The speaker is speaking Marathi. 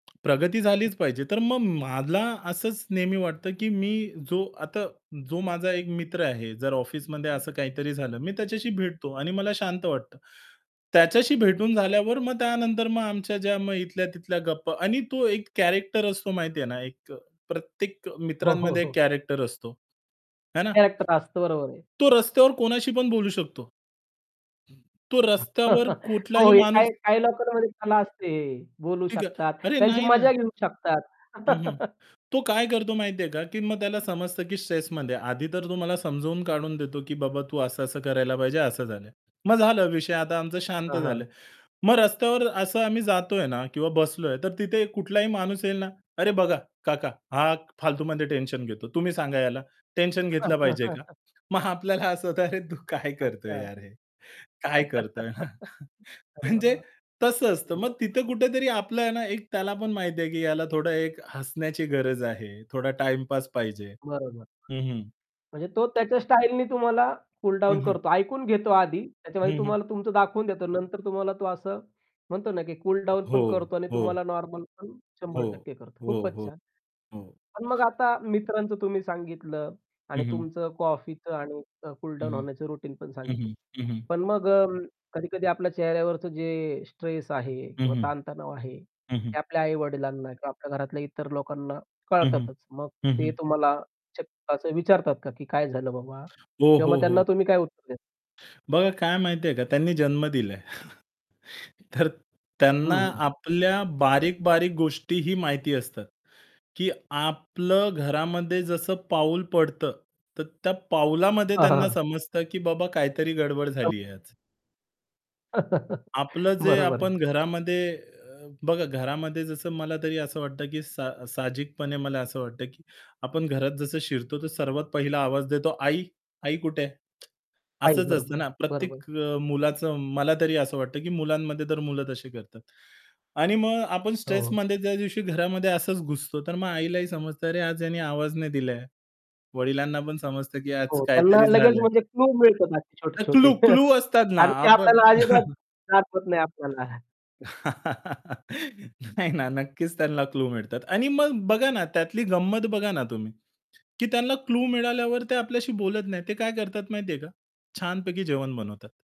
प्रगती हो. झालीच पाहिजे. तर मग मला असंच नेहमी वाटतं की मी जो आता जो माझा एक मित्र आहे, जर ऑफिसमध्ये असं काहीतरी झालं, मी त्याच्याशी भेटतो आणि मला शांत वाटतं. त्याच्याशी भेटून झाल्यावर मग त्यानंतर मग आमच्या ज्या मग इथल्या-तिथल्या गप्पा आणि तो एक कॅरेक्टर असतो माहितीये ना, एक अ, प्रत्येक हो, हो, मित्रांमध्ये एक हो. कॅरेक्टर असतो, है ना? कॅरेक्टर असतं, बरोबर आहे. तो रस्त्यावर कोणाशी पण बोलू शकतो. तो रस्त्यावर हो, कुठलाही हे माणूस काही काही लोकांमध्ये कला असते. बोलू ठीक आहे. शकतात. "अरे त्यांची नाही ना!" मजा घेऊ शकतात. हं, हं. तो काय करतो माहितीये का की मग त्याला समजतं, की स्ट्रेसमध्ये आहे. आधी तर तुम्हाला समजावून काढून देतो, की "बाबा तू असं-असं करायला पाहिजे, असं झालं आहे." मग झालं विषय आता आमचं शांत हां, झालं हां. आहे. मग रस्त्यावर असं आम्ही जातोय ना किंवा बसलोय, तर तिथे कुठलाही माणूस येईल ना, "अरे बघा, काका, हा फालतूमध्ये टेन्शन घेतो. तुम्ही सांगा याला. टेन्शन घेतलं पाहिजे का?" मग आपल्याला असं होतं, "अरे तू काय अच्छा. करतोय यार हे?" "काय करतोय हा!" [unintelligible] म्हणजे बरं, तसं असतं. मग तिथं बरं. कुठेतरी आपलं आहे ना एक त्याला पण माहिती आहे, की ह्याला थोडं एक हसण्याची गरज आहे, थोडा टाईमपास पाहिजे. बरोबर. हं, हं. म्हणजे तो त्याच्या स्टाईलनी तुम्हाला कूल डाउन हं, हं. करतो. ऐकून घेतो आधी. त्याच्यामध्ये हं, हं. तुम्हाला तुमचं दाखवून देतो. नंतर तुम्हाला तो असं म्हणतो ना, की कूल डाउन हो, पण करतो आणि हो. तुम्हाला नॉर्मल पण हो. 100% करतो. हो, खूपच हो, छान! हो. पण मग आता मित्रांचं तुम्ही सांगितलं हं, आणि हं. तुमचं कॉफीचं आणि अ, कूल हं, डाउन हं. होण्याचं रुटीन पण हं, सांगितलं. हं. हं, हं. पण मग अं, कधी-कधी आपल्या चेहऱ्यावरचं जे स्ट्रेस आहे हं, किंवा हं. ताणतणाव आहे, हं, हं. ते आपल्या आई-वडिलांना किंवा आपल्या घरातल्या इतर लोकांना हं, हं. कळतातच. मग हं, ते हं. तुम्हाला च असं विचारतात का की काय झालं बाबा? हो, किंवा हो, मग त्यांना हो. तुम्ही काय उत्तर देता? बघा काय माहितीये का? त्यांनी जन्म दिलाय. तर हं, त्यांना हं, हं. आपल्या बारीक-बारीक गोष्टीही माहिती असतात, की आपलं घरामध्ये जसं पाऊल पडतं, तर त्या पाऊलामध्ये हां, त्यांना हां. समजतं की बाबा काहीतरी गडबड झालीये आज. [unintelligible] आपलं जे बरोबर आपण आहे. घरामध्ये अ, बघा घरामध्ये जसं मला तरी असं वाटतं की सा साहजिकपणे मला असं वाटतं की आपण घरात जसं शिरतो, तर सर्वात पहिला आवाज देतो, "आई! आई कुठे आहे?" आई, असंच बरोबर असतं आहे, ना, बरोबर प्रत्येक आहे. अ, मुलाचं मला तरी असं वाटतं की मुलांमध्ये तर मुलं तशी करतात. आणि मग आपण हो, हो. स्ट्रेसमध्ये ज्या दिवशी घरामध्ये असंच घुसतो, तर मग आईलाही समजतं अरे आज याने आवाज नाही दिलाय. वडिलांना पण समजतं की आज हो, त्यांना काहीतरी लगेच झालंय. म्हणजे क्लू मिळतात असे अ, छोटे-छोटे क्लू क्लू असतात ना, आणि ते आपण आपल्याला अजिबात दाखवत नाही आपल्याला. नाही ना, नक्कीच त्यांना क्लू मिळतात आणि मग बघा ना त्यातली गंमत बघा ना तुम्ही, की त्यांना क्लू मिळाल्यावर ते आपल्याशी बोलत नाहीत. ते काय करतात माहितीये का? छानपैकी जेवण बनवतात.